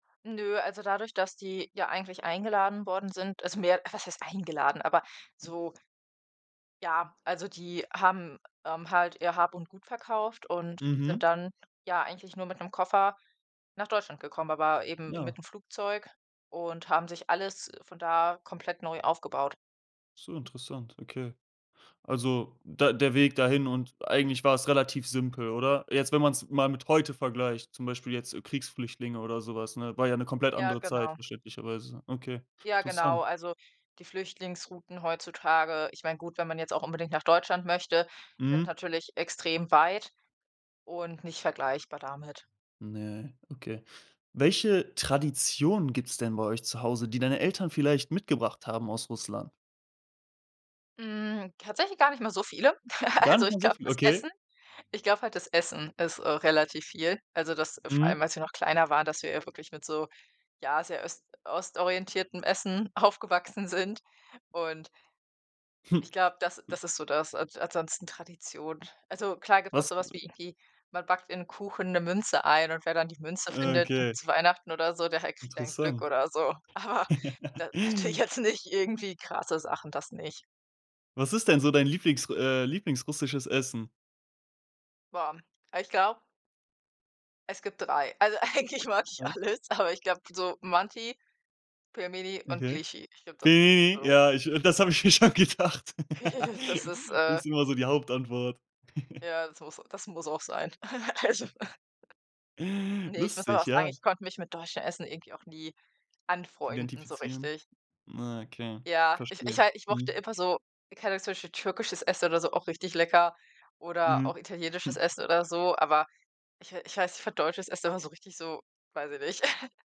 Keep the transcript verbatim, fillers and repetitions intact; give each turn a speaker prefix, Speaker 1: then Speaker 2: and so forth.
Speaker 1: Nö, also, dadurch, das die ja eigentlich eingeladen worden sind, also, mehr was heißt eingeladen, aber so Ja, also, die haben, ähm, halt ihr Hab und Gut verkauft und
Speaker 2: Mhm.
Speaker 1: sind dann, ja, eigentlich nur mit 'nem Koffer nach Deutschland gekommen, aber eben
Speaker 2: Ja.
Speaker 1: mit 'nem Flugzeug und haben sich alles von da komplett neu aufgebaut.
Speaker 2: Ach so, interessant, okay. Also, der der Weg dahin und eigentlich war es relativ simpel, oder? Jetzt, wenn man es mal mit heute vergleicht, zum Beispiel jetzt Kriegsflüchtlinge oder so was, ne? War ja 'ne komplett
Speaker 1: Ja,
Speaker 2: andere Zeit,
Speaker 1: genau.
Speaker 2: verständlicherweise. Okay,
Speaker 1: Ja, genau.
Speaker 2: interessant.
Speaker 1: Also, die Flüchtlingsrouten heutzutage ich meine gut, wenn man jetzt auch unbedingt nach Deutschland möchte, sind
Speaker 2: Mhm.
Speaker 1: natürlich extrem weit und nicht vergleichbar damit.
Speaker 2: Ne, okay. Welche Traditionen gibt's denn bei euch zu Hause, die deine Eltern vielleicht mitgebracht haben aus Russland?
Speaker 1: Hm, tatsächlich gar nicht mal so viele.
Speaker 2: Gar
Speaker 1: Also,
Speaker 2: nicht
Speaker 1: ich
Speaker 2: mal so
Speaker 1: glaube,
Speaker 2: viel,
Speaker 1: das
Speaker 2: okay.
Speaker 1: Essen ich glaube halt, das Essen ist, äh, relativ viel, also, das vor allem,
Speaker 2: Mhm.
Speaker 1: als wir noch kleiner waren, dass wir ja wirklich mit so, ja, sehr öst ostorientiertem Essen aufgewachsen sind. Und
Speaker 2: Hm.
Speaker 1: ich glaube, das das ist so das. An ansonsten Tradition. Also, klar gibt es
Speaker 2: Was,
Speaker 1: auch so was
Speaker 2: äh
Speaker 1: wie irgendwie, man backt in 'nen Kuchen 'ne Münze ein und wer dann die Münze
Speaker 2: Äh,
Speaker 1: findet
Speaker 2: okay.
Speaker 1: zu Weihnachten oder so, der kriegt dann Glück
Speaker 2: Interessant.
Speaker 1: oder so. Aber da natürlich jetzt nicht irgendwie krasse Sachen, das nicht.
Speaker 2: Was ist denn so dein Lieblings r äh, Lieblings-Russisches-Essen?
Speaker 1: Boah, ah, ich glaube Es gibt drei. Also, eigentlich mag ich
Speaker 2: Ei
Speaker 1: alles, aber ich glaube so Manti, Pelmeni und
Speaker 2: Okay.
Speaker 1: Glichi. Ich glaube, das sind
Speaker 2: [unintelligible]
Speaker 1: so
Speaker 2: ja, ich das habe ich mir schon gedacht.
Speaker 1: Das ist, äh
Speaker 2: Ist immer so die Hauptantwort.
Speaker 1: Ja, das das muss auch sein. Also Ne, ich muss aber
Speaker 2: Lustig,
Speaker 1: auch sagen,
Speaker 2: ja.
Speaker 1: ich konnte mich mit deutschem Essen irgendwie auch nie anfreunden so
Speaker 2: Identifizieren?
Speaker 1: richtig.
Speaker 2: Ja, okay,
Speaker 1: Ja, ich ich
Speaker 2: verstehe,
Speaker 1: hal ich mochte
Speaker 2: mhm.
Speaker 1: immer so keine Ahnung, zum Beispiel türkisches Essen oder so, auch richtig lecker oder auch
Speaker 2: Mhm.
Speaker 1: italienisches Essen oder so, aber ich ich weiß, ich fand deutsches Essen immer so richtig so weiß ich nicht.